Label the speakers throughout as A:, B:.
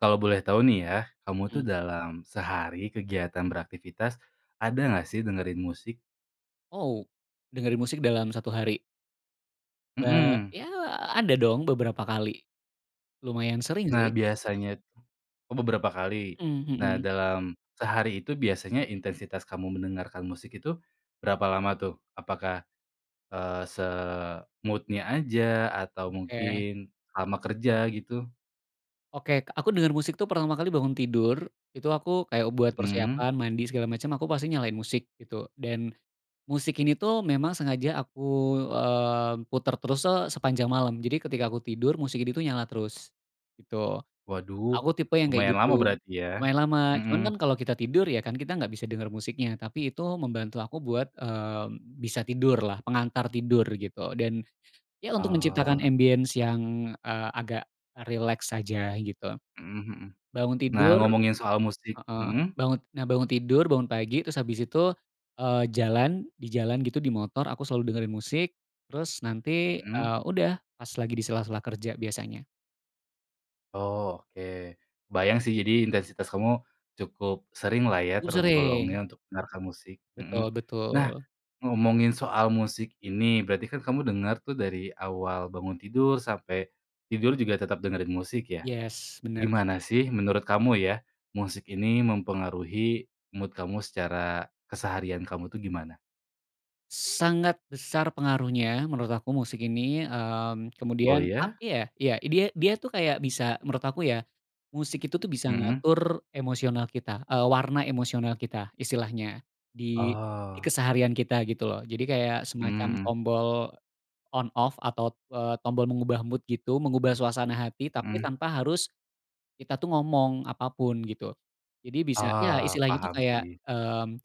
A: Kalau boleh tahu nih ya, kamu tuh
B: Mhm.
A: dalam sehari kegiatan beraktivitas, ada nggak sih dengerin musik?
B: Oh, dengerin musik dalam 1 hari? Ba
A: Mhm.
B: ya ada dong beberapa kali. Lumayan sering
A: Nah
B: sih.
A: biasanyat oh beberapa kali?
B: Mmm,
A: Nah
B: mhm.
A: dalam sehari itu biasanya intensitas kamu mendengarkan musik itu berapa lama tuh? Apakah, eee, se-mood-nya aja atau
B: Oke.
A: mungkin selama kerja gitu?
B: Oke aku denger musik tuh pertama kali bangun tidur, itu aku kayak buat
A: Mmm.
B: persiapan mandi segala macam aku pasti nyalain musik gitu, dan musik ini tuh memang sengaja aku, eee, puter terus se sepanjang malam, jadi ketika aku tidur, musik ini tuh nyala terus gitu.
A: Waduh
B: Aku tipe yang kayak
A: lumayan lama
B: gitu.
A: berarti ya.
B: Lumayan lama cuman
A: Mhm.
B: kan kalau kita tidur ya kan kita gak bisa denger musiknya, tapi itu membantu aku buat, mmm, bisa tidurlah, pengantar tidur gitu, dan ya untuk menciptakan
A: Oh.
B: ambience yang, eee, agak rileks saja gitu.
A: Mhm mhm.
B: Bangun
A: Nah
B: tidur
A: ngomongin soal musik
B: heeh,
A: mhm?
B: bangun nah bangun tidur, bangun pagi, terus habis itu, eee, jalan, di jalan gitu di motor aku selalu dengerin musik, terus nanti,
A: Mhm.
B: eee, udah pas lagi di sela-sela kerja biasanya.
A: Oh oke. Kebayang sih jadi intensitas kamu cukup seringlah ya
B: Cukup sering.
A: tergolongnya untuk mendengarkan musik.
B: Betul
A: Mhm. Nah
B: betul.
A: ngomongin soal musik ini, berarti kan kamu denger tuh dari awal bangun tidur sampai tidur juga tetap dengerin musik ya.
B: Yes, bener.
A: Gimana sih menurut kamu ya, musik ini mempengaruhi mood kamu secara keseharian kamu tuh gimana?
B: Sangat besar pengaruhnya menurut aku musik ini, mmm,
A: Oh
B: kemudian apa
A: ya?
B: ya, ya dia dia tuh kayak bisa- menurut aku ya- musik itu tuh bisa
A: Mhm.
B: ngatur emosional kita, eee, warna emosional kita istilahnya, di di
A: Oh.
B: keseharian kita gitu loh, jadi kayak semacam
A: Mmm mhm.
B: tombol on-off atau, eee, tombol mengubah mood gitu, mengubah suasana hati, tapi
A: Mmm.
B: tanpa harus kita tuh ngomong apa pun gitu. Jadi bisa ya
A: Ah
B: istilahnya itu
A: paham
B: kayak,
A: sih.
B: mmm,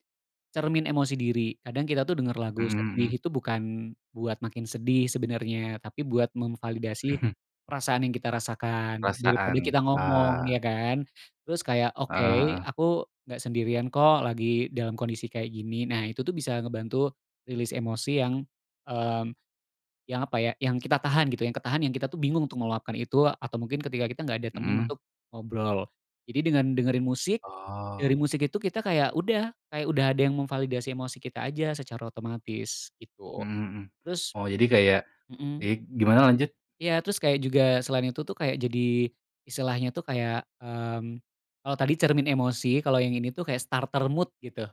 B: cermin emosi diri, kadang kita tuh denger lagu
A: Mhm
B: sedih
A: mhm.
B: itu bukan buat makin sedih sebenernya, tapi buat memvalidasi perasaan yang kita rasakan, daripada
A: Perasaan,
B: kita ngomong,
A: ah.
B: ya kan? Terus kayak,
A: Eee
B: oke
A: heeh.
B: aku gak sendirian kok, lagi dalam kondisi kayak gini. Nah itu tuh bisa ngebantu release emosi yang, mmm, yang apa ya, yang kita tahan gitu, yang ketahan, yang kita tuh bingung untuk meluapkan itu atau mungkin ketika kita gak ada temen
A: Mhm.
B: untuk ngobrol, jadi dengan dengerin musik, dengerin
A: Oh.
B: musik itu kita kayak udah, kayak udah ada yang memvalidasi emosi kita aja secara otomatis, gitu.
A: Mhm mhm.
B: Terus
A: Oh jadi kayak di
B: mhm.
A: gimana, lanjut?
B: Ya terus kayak juga selain itu tuh kayak jadi istilahnya tuh kayak, mmm, kalau tadi cermin emosi, kalau yang ini tuh kayak starter mood gitu,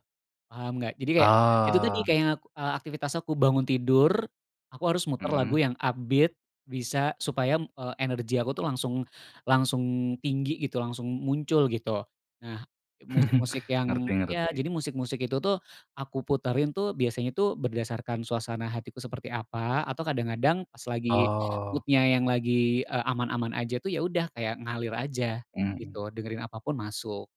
B: paham gak? Jadi kayak itu tuh nih
A: Oh.
B: kayak, eee, aktivitas aku bangun tidur, aku harus muter lagu
A: Mhm.
B: yang upbeat bisa supaya, eee, energi aku tuh langsung langsung tinggi gitu, langsung muncul gitu. Nah musik-musik yang
A: Ngerti
B: ya,
A: ngerti.
B: jadi musik-musik itu tuh aku puterin tuh biasanya tuh berdasarkan suasana hatiku seperti apa, atau kadang-kadang pas lagi
A: Oh.
B: mood-nya yang lagi, eee, aman-aman aja tuh ya udah, kayak ngalir aja
A: Mhm.
B: gitu, dengerin apa pun masuk.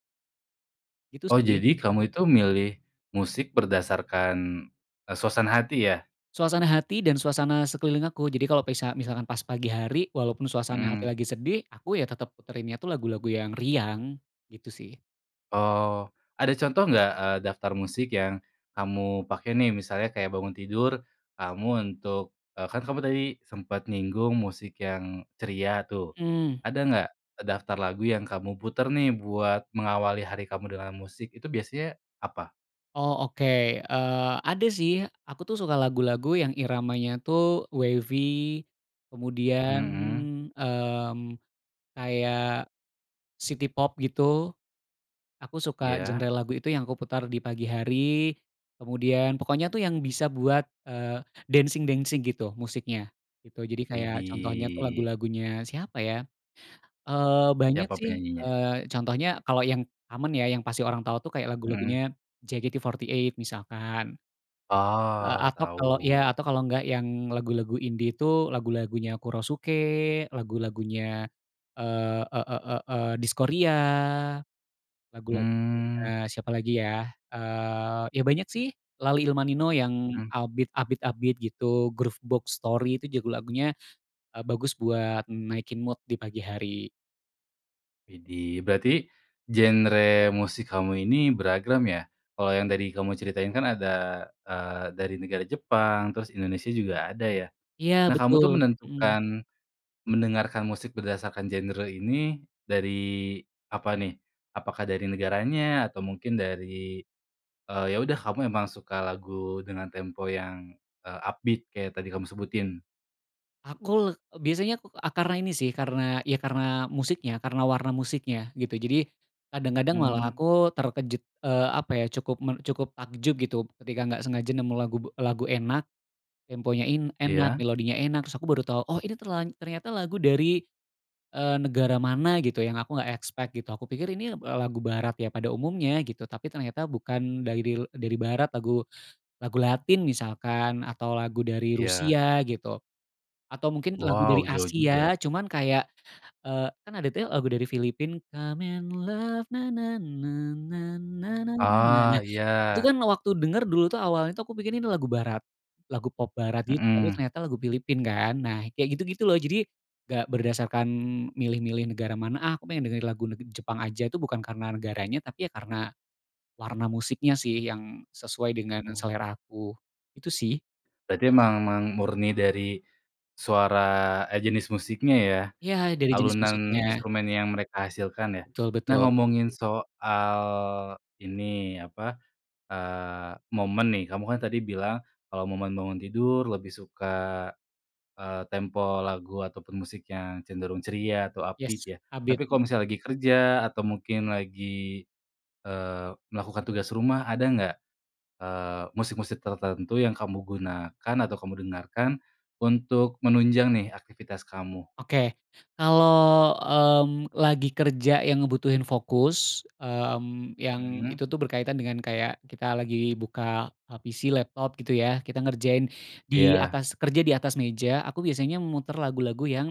B: Gitu
A: Oh
B: sih.
A: jadi kamu itu milih musik berdasarkan, eee, suasana hati ya?
B: Suasana hati dan suasana sekeliling aku. Jadi kalau pesa misalkan pas pagi hari, walaupun suasana hati
A: Mmm.
B: lagi sedih, aku ya tetap puterinnya tuh lagu-lagu yang riang gitu sih.
A: Oh. Ada contoh nggak, eee, daftar musik yang kamu pakai nih, misalnya kayak bangun tidur, kamu untuk, eee, kan kamu tadi sempat nyinggung musik yang ceria tuh.
B: Mmm.
A: Ada nggak daftar lagu yang kamu putar nih buat mengawali hari kamu dengan musik, itu biasanya apa?
B: Oh oke, eee, ada sih aku tuh suka lagu-lagu yang iramanya tuh wavy, kemudian,
A: Mhm.
B: mmm, kayak city pop gitu. Aku suka
A: Ya.
B: genre lagu itu yang aku putar di pagi hari, kemudian pokoknya tuh yang bisa buat, eee, dancing-dancing gitu musiknya gitu. Jadi kayak contohnya tuh
A: Widih.
B: lagu-lagunya siapa ya, eee, banyak
A: Siapa
B: sih,
A: penyanyinya?
B: eee, contohnya kalau yang aman ya, yang pasti orang tahu tuh kayak
A: Mmm.
B: lagu-lagunya JKT48 misalkan. Eee,
A: Oh
B: atau kalau ya,
A: tau.
B: atau kalau nggak yang lagu-lagu indie itu lagu-lagunya Kurosuke, lagu-lagunya, eee, e e e eee Diskoria, lagu-lagunya
A: Hmm.
B: siapa lagi ya, eee, ya banyak sih Laleilmanino yang
A: Hmm.
B: upbeat upbeat-upbeat gitu, Groovebox Story, itu juga lagunya, eee, bagus buat naikin mood di pagi hari.
A: Widih. Berarti genre musik kamu ini beragam ya? Kalau yang tadi kamu ceritain kan ada, eee, dari negara Jepang, terus Indonesia juga ada ya.
B: Iya
A: Nah kamu
B: betul,
A: tuh
B: mhm.
A: menentukan, mendengarkan musik berdasarkan genre ini dari apa nih? Apakah dari negaranya atau mungkin dari, eee, ya udah kamu emang suka lagu dengan tempo yang, eee, upbeat kayak tadi kamu sebutin?
B: Aku le biasanya ku eee, karena ini sih, karena, ya karena musiknya, karena warna musiknya, gitu. Jadi kadang-kadang malah
A: Mmm.
B: aku terkejut, eee, apa ya, cukup men cukup takjub gitu ketika gak sengaja nemu lagu lagu enak, temponya in enak,
A: Iya.
B: melodinya enak, terus aku baru tau, oh ini terla ternyata lagu dari, eee, negara mana gitu yang aku gak expect gitu, aku pikir ini eb eee, lagu barat ya pada umumnya gitu, tapi ternyata bukan daril dari barat, lagu lagu latin misalkan, atau lagu dari
A: Iya.
B: Rusia gitu. Atau mungkin lagu dari
A: Wow jauh juga.
B: Asia cuman kayak, eee, kan ada tuh ya lagu dari Filipina come and love na na na na na na na na,
A: Ah
B: nah itu
A: iya.
B: kan waktu denger, dulu tuh, awalnya tuh, aku pikir ini lagu barat, lagu pop barat gitu, tapi
A: Mhm.
B: ternyata lagu Filipina kan, nah kayak gitu-gitu loh, jadi gak berdasarkan milih-milih negara mana, ah aku pengen dengerin lagu neg Jepang aja tuh bukan karena negaranya, tapi ya karena warna musiknya sih yang sesuai dengan
A: Oh.
B: selera aku, itu sih.
A: Berarti emang, mang murni dari suara eh, jenis musiknya ya?
B: Ya dari jenis
A: Alunan
B: musiknya.
A: instrumen yang mereka hasilkan ya.
B: Betul
A: Nah
B: betul.
A: ngomongin soal ini, apa, eee, momen nih. Kamu kan tadi bilang kalau momen bangun tidur lebih suka, eee, tempo lagu ataupun musik yang cenderung ceria atau upbeat
B: Yes,
A: ya.
B: upbeat.
A: Tapi kalau misalnya lagi kerja atau mungkin lagi, eee, melakukan tugas rumah, ada gak, eee, musik-musik tertentu yang kamu gunakan atau kamu dengarkan untuk menunjang nih aktivitas kamu?
B: Oke kalau, mmm, lagi kerja yang ngebutuhin fokus, mmm, yang
A: Mmm.
B: itu tuh berkaitan dengan kayak kita lagi buka, eee, PC, laptop gitu ya, kita ngerjain di
A: Iya.
B: atas kerja, di atas meja, aku biasanya muter lagu-lagu yang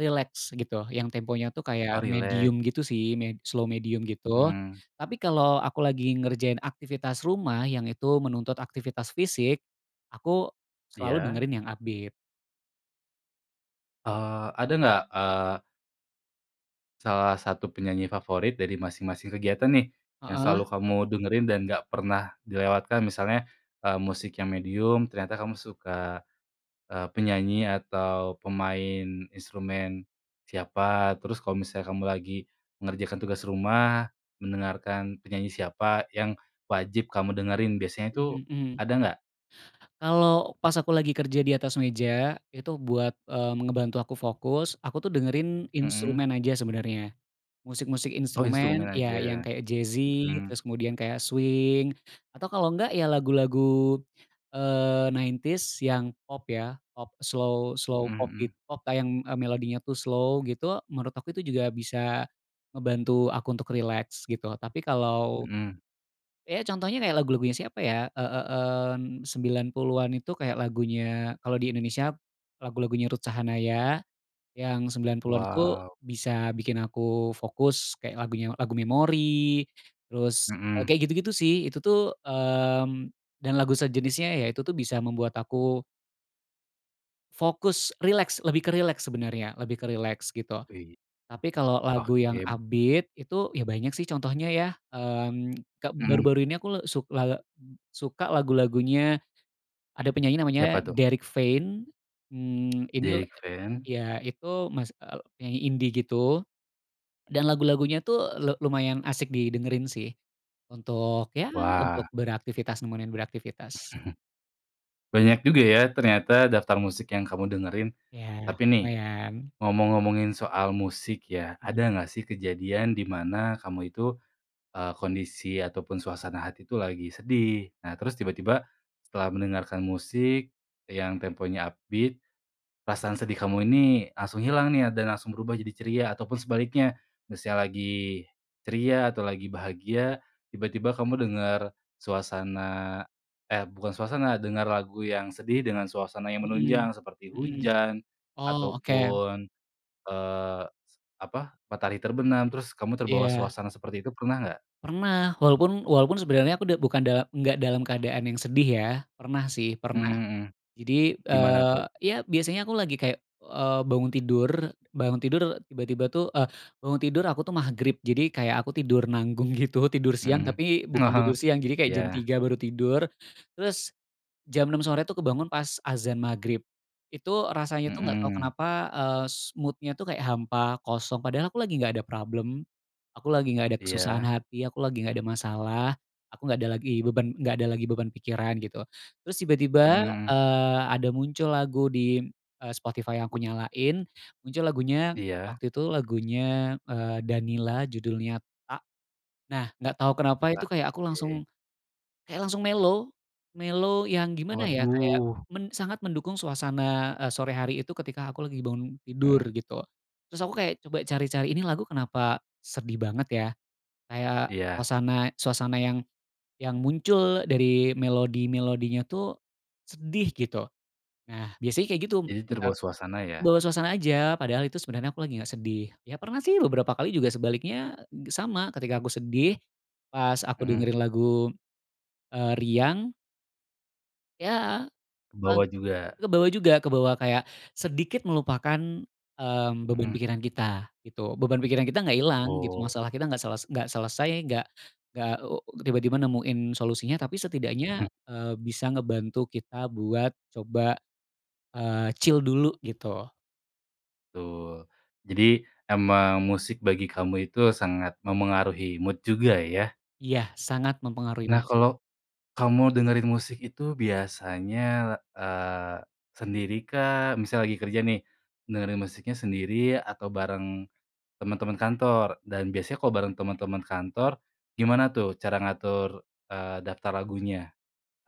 B: rileks gitu, yang temponya tuh kayak
A: Oh rileks.
B: medium gitu sih me slow, medium gitu.
A: Mmm.
B: Tapi kalau aku lagi ngerjain aktivitas rumah yang itu menuntut aktivitas fisik, aku selalu
A: Iya.
B: dengerin yang upbeat.
A: Eee, ada nggak, eee salah satu penyanyi favorit dari masing-masing kegiatan, nih, yang
B: Heeh.
A: selalu kamu dengerin dan nggak pernah dilewatkan, misalnya, eee, musik yang medium, ternyata kamu suka, eee, penyanyi atau pemain instrumen siapa. Terus kalo misalnya kamu lagi mengerjakan tugas rumah, mendengarkan penyanyi siapa yang wajib kamu dengerin biasanya, tuh,
B: Mmm, mhm.
A: ada nggak?
B: Kalau pas aku lagi kerja di atas meja, itu buat, eee, me ngebantu aku fokus, aku, tuh, dengerin
A: Mhm.
B: instrumen aja sebenarnya, musik-musik
A: Oh, instrumen
B: instrumen, ya, yang
A: aja?
B: kayak jazzy,
A: Mhm.
B: terus kemudian kayak swing, atau kalau nggak, ya, lagu-lagu, eee, 90s yang pop, ya, pop slow slow
A: Mhm
B: pop, git
A: mhm.
B: pop yang, eee, melodinya, tuh, slow, gitu, menurut aku itu juga bisa ngebantu aku untuk rileks, gitu, tapi kalau,
A: Mmm.
B: ya, contohnya kayak lagu-lagunya siapa, ya, eee eee, mmm, 90-an itu kayak lagunya, kalau di Indonesia lagu-lagunya Ruth Sahanaya, yang 90-an itu
A: Wow.
B: bisa bikin aku fokus kayak lagunya lagu memori, terus
A: Mhm.
B: kayak gitu-gitu, sih. Itu tuh, mmm, dan lagu sejenisnya, ya, itu, tuh, bisa membuat aku fokus, rileks, lebih ke rileks sebenarnya, lebih ke rileks, gitu.
A: Wih.
B: Tapi kalau lagu yang
A: Oke.
B: upbeat itu, ya, banyak, sih, contohnya, ya. Mmm, ke
A: Mhm.
B: baru-baru ini aku le suk eee, suka lagu-lagunya, ada penyanyi namanya
A: Siapa, tuh?
B: Derik Fein, mmm, ini,
A: Derik
B: eee,
A: Fein?
B: ya, itu, mas eee, penyanyi indi, gitu. Dan lagu-lagunya, tuh, le lumayan asik didengerin, sih, untuk, ya, untuk
A: Wah.
B: beraktivitas, nemenin beraktivitas.
A: Banyak juga, ya, ternyata daftar musik yang kamu dengerin.
B: Ya,
A: Tapi, nih,
B: lumayan.
A: ngomong-ngomongin soal musik, ya, ada nggak, sih, kejadian di mana kamu itu, eee, kondisi atau pun suasana hati, tuh, lagi sedih, nah, terus tiba-tiba setelah mendengarkan musik yang temponya upbeat, perasaan sedih kamu ini langsung hilang, nih, a dan langsung berubah jadi ceria atau pun sebaliknya? Misal lagi ceria atau lagi bahagia, tiba-tiba kamu dengar suasana, eh bukan suasana, dengar lagu yang sedih dengan suasana yang
B: Mhm
A: menunjang seperti
B: mhm.
A: hujan
B: Oh,
A: atau
B: oke.
A: pun, eee, apa, matahari terbenam, terus kamu terbawa
B: Iya.
A: suasana seperti itu, pernah nggak?
B: Pernah, walaupun walaupun sebenarnya aku udah bukan da enggak dalam keadaan yang sedih, ya, pernah, sih, pernah.
A: Mhm mhm,
B: Jadi,
A: gimana,
B: eee,
A: tuh?
B: ya, biasanya aku lagi kayak, eee, bangun tidur, bangun tidur tiba-tiba, tuh, eee, bangun tidur aku, tuh, Magrib, jadi kayak aku tidur nanggung, gitu, tidur siang
A: Mhm.
B: tapi
A: Ah
B: bukan
A: hah.
B: tidur siang, jadi kayak jam
A: Iya.
B: 3.00 baru tidur, terus jam 6.00 sore, tuh, kebangun pas azan Magrib. Itu rasanya, tuh, nggak tau
A: Mhm.
B: kenapa, eee, s mood-nya, tuh, kayak hampa, kosong, padahal aku lagi nggak ada problem, aku lagi nggak ada kesusahan
A: Iya.
B: hati, aku lagi nggak ada masalah, aku nggak ada lagi beban nggak ada lagi beban pikiran, gitu, terus tiba-tiba,
A: Mhm.
B: eee, ada muncul lagu di, eee, Spotify yang aku nyalain, muncul lagunya
A: Iya.
B: waktu itu lagunya, eee, Danilla judulnya Tak, nah, nggak tau kenapa,
A: A
B: itu kayak aku
A: ke.
B: langsung kayak langsung mellow. Mellow yang gimana, ya, kayak
A: Waduh.
B: men sangat mendukung suasana, eee, sore hari itu ketika aku lagi bangun tidur,
A: Mhm.
B: gitu. Terus aku kayak coba cari-cari ini lagu kenapa sedih banget, ya, kayak
A: Iya.
B: suasana suasana yang yang muncul dari melodi-melodinya, tuh, sedih, gitu. Nah, biasanya kayak gitu
A: Jadi
B: sebentar
A: terbawa suasana, ya?
B: bawa suasana aja, padahal itu sebenernya aku lagi nggak sedih. Ya, pernah, sih, beberapa kali juga sebaliknya sama, ketika aku sedih, pas aku
A: Mhm.
B: dengerin lagu, eee, riang Ya, pag
A: Kebawa juga.
B: kebawa juga kebawa kayak sedikit melupakan, mmm, beban
A: Mhm.
B: pikiran kita, gitu. Beban pikiran kita nggak hilang, gitu,
A: Oh.
B: masalah kita nggak sel nggak selesai, nggak nggak, eee, tiba-tiba nemuin solusinya, tapi setidaknya,
A: Mhm.
B: eee, bisa ngebantu kita buat coba, eee, chill dulu, gitu.
A: Betul. Jadi emang musik bagi kamu itu sangat memengaruhi mood juga, ya?
B: Iya. Sangat mempengaruhi
A: Nah
B: musik.
A: kalo kamu dengerin musik itu biasanya, eee, sendirikah? Misal lagi kerja nih, dengerin musiknya sendiri atau bareng teman-teman kantor? Dan biasanya kalo bareng teman-teman Kantor, gimana tuh cara ngatur, eee, daftar lagunya?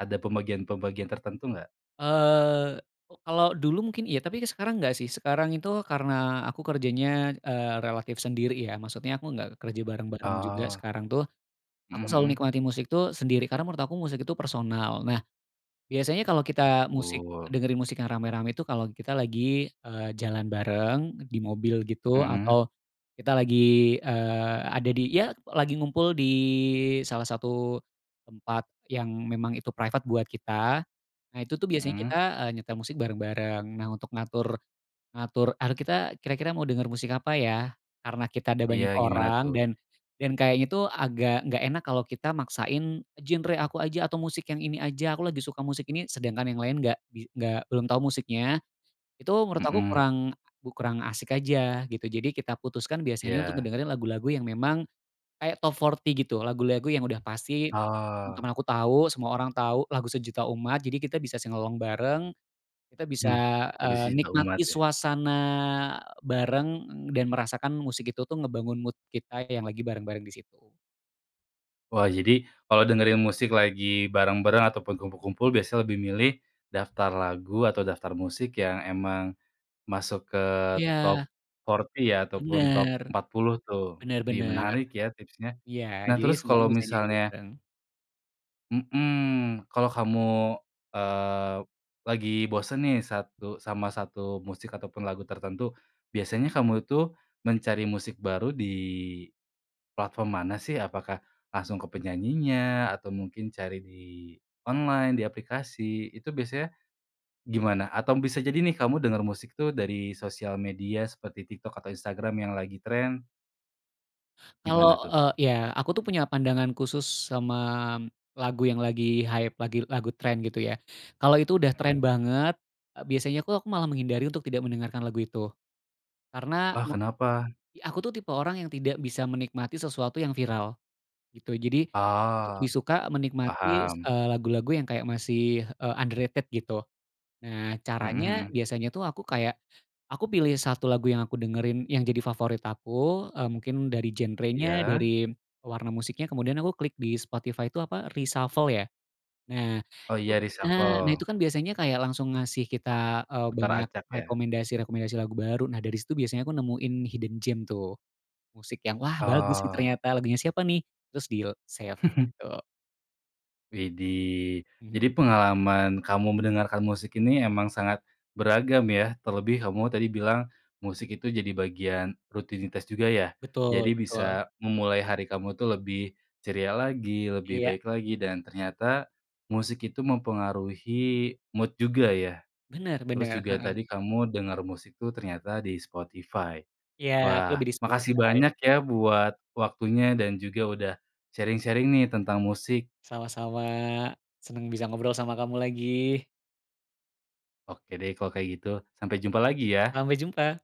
A: Ada pembagian-pembagian tertentu nggak?
B: Eee, ko kalau dulu mungkin iya, tapi sekarang gak sih, sekarang itu karena aku kerjanya, eee, relatif sendiri ya, maksudnya aku gak kerja bareng-bareng juga
A: Oh.
B: sekarang tuh.
A: Mhm
B: Aku selalu
A: mhm.
B: nikmati musik tuh sendiri karena menurut aku musik itu personal. Nah biasanya kalau kita. musik,
A: Tul.
B: dengerin musik yang rame-rame itu kalau kita lagi, eee, jalan bareng di mobil gitu,
A: Mmm.
B: atau kita lagi, eee, ada di ya lagi ngumpul di salah satu tempat yang memang itu private buat kita. Nah itu tuh biasanya kita,
A: Mmm.
B: eee, nyetel musik bareng-bareng. Nah untuk ngatur, ngatur ar kita kira-kira mau denger musik apa ya? Karena kita ada
A: Iya,
B: banyak
A: gimana
B: orang,
A: tuh?
B: dan dan kayaknya tuh agak gak enak kalau kita maksain genre aku aja atau musik yang ini aja, aku lagi suka musik ini sedangkan yang lain gak di nggak, belum tahu musiknya. Itu menurut aku
A: Mmm.
B: kurang, kurang asik aja gitu. Jadi kita putuskan biasanya untuk
A: Iya.
B: ngedengerin lagu-lagu yang memang kayak top 40 gitu, lagu-lagu yang udah pasti
A: Oh.
B: teman-teman aku tahu, semua orang tahu, lagu sejuta umat jadi kita bisa sing-along bareng. Kita bisa,
A: Mmm, lagu
B: eee,
A: sejuta
B: nikmati
A: umat ya?
B: suasana bareng dan merasakan musik itu tuh ngebangun mood kita yang lagi bareng-bareng di situ.
A: Wah jadi kalo dengerin musik lagi bareng-bareng ataupun kumpul-kumpul biasanya lebih milih daftar lagu atau daftar musik yang emang masuk ke
B: Iya.
A: top 40 ya? Ataupun top
B: Bener.
A: 40 tuh,
B: Bener
A: ih
B: bener.
A: menarik ya tipsnya.
B: Iya,
A: Nah
B: jadi
A: terus kalo
B: semuanya bisa nyanyi
A: misalnya
B: bareng.
A: Mhm. Kalo kamu, eee, lagi bosen nih satu sama 1 musik ataupun lagu tertentu, biasanya kamu itu mencari musik baru di platform mana sih? Apakah langsung ke penyanyinya atau mungkin cari di online, di aplikasi, itu biasanya gimana? Atau bisa jadi nih kamu dengar musik tuh dari sosial media seperti TikTok atau Instagram yang lagi tren?
B: Kalau,
A: Gimana tuh?
B: eee iya, aku tuh punya pandangan khusus sama lagu yang lagi hype, lagi lagu tren gitu ya. Kalau itu udah tren
A: Hmm.
B: banget, eee, biasanya aku aku malah menghindari untuk tidak mendengarkan lagu itu. Karena
A: Ah
B: me
A: kenapa?
B: aku tuh tipe orang yang tidak bisa menikmati sesuatu yang viral. Gitu jadi aku tuh
A: Oh
B: lebih suka menikmati,
A: paham.
B: eee, lagu-lagu yang kayak masih, eee, underrated gitu. Nah,
A: Mhm
B: caranya,
A: mhm.
B: biasanya tuh aku kayak aku pilih 1 lagu yang aku dengerin, yang jadi favorit aku, eee, mungkin dari genrenya,
A: Iya?
B: dari warna musiknya, kemudian aku klik di Spotify itu apa reshuffle ya? Nah
A: Oh
B: itu
A: iya,
B: nah! Nah
A: reshuffle.
B: itu kan biasanya kayak langsung ngasih kita, eee,
A: Putar
B: banyak
A: acak ya?
B: rekomendasi-rekomendasi lagu baru, nah dari situ biasanya aku nemuin hidden gem tuh. Musik yang wah bagus nih
A: Oh.
B: ternyata, lagunya siapa nih? Terus deal, save gitu.
A: Widih, jadi
B: Mhm.
A: pengalaman kamu mendengarkan musik ini emang sangat beragam ya, terlebih kamu tadi bilang musik itu jadi bagian rutinitas juga ya?
B: Betul
A: Jadi
B: betul.
A: bisa memulai hari kamu tuh lebih ceria lagi, lebih
B: Iya.
A: baik lagi dan ternyata musik itu mempengaruhi mood juga ya.
B: Bener
A: Terus
B: bener,
A: juga
B: heeh.
A: tadi kamu denger musik tuh ternyata di Spotify.
B: Iya, aku
A: Wah
B: lebih di
A: makasih
B: Spotify.
A: banyak ya buat waktunya dan juga udah sharing-sharing nih tentang musik.
B: Sama-sama. Seneng bisa ngobrol sama kamu lagi.
A: Oke deh kalau kayak gitu, sampai jumpa lagi ya
B: Sampai jumpa!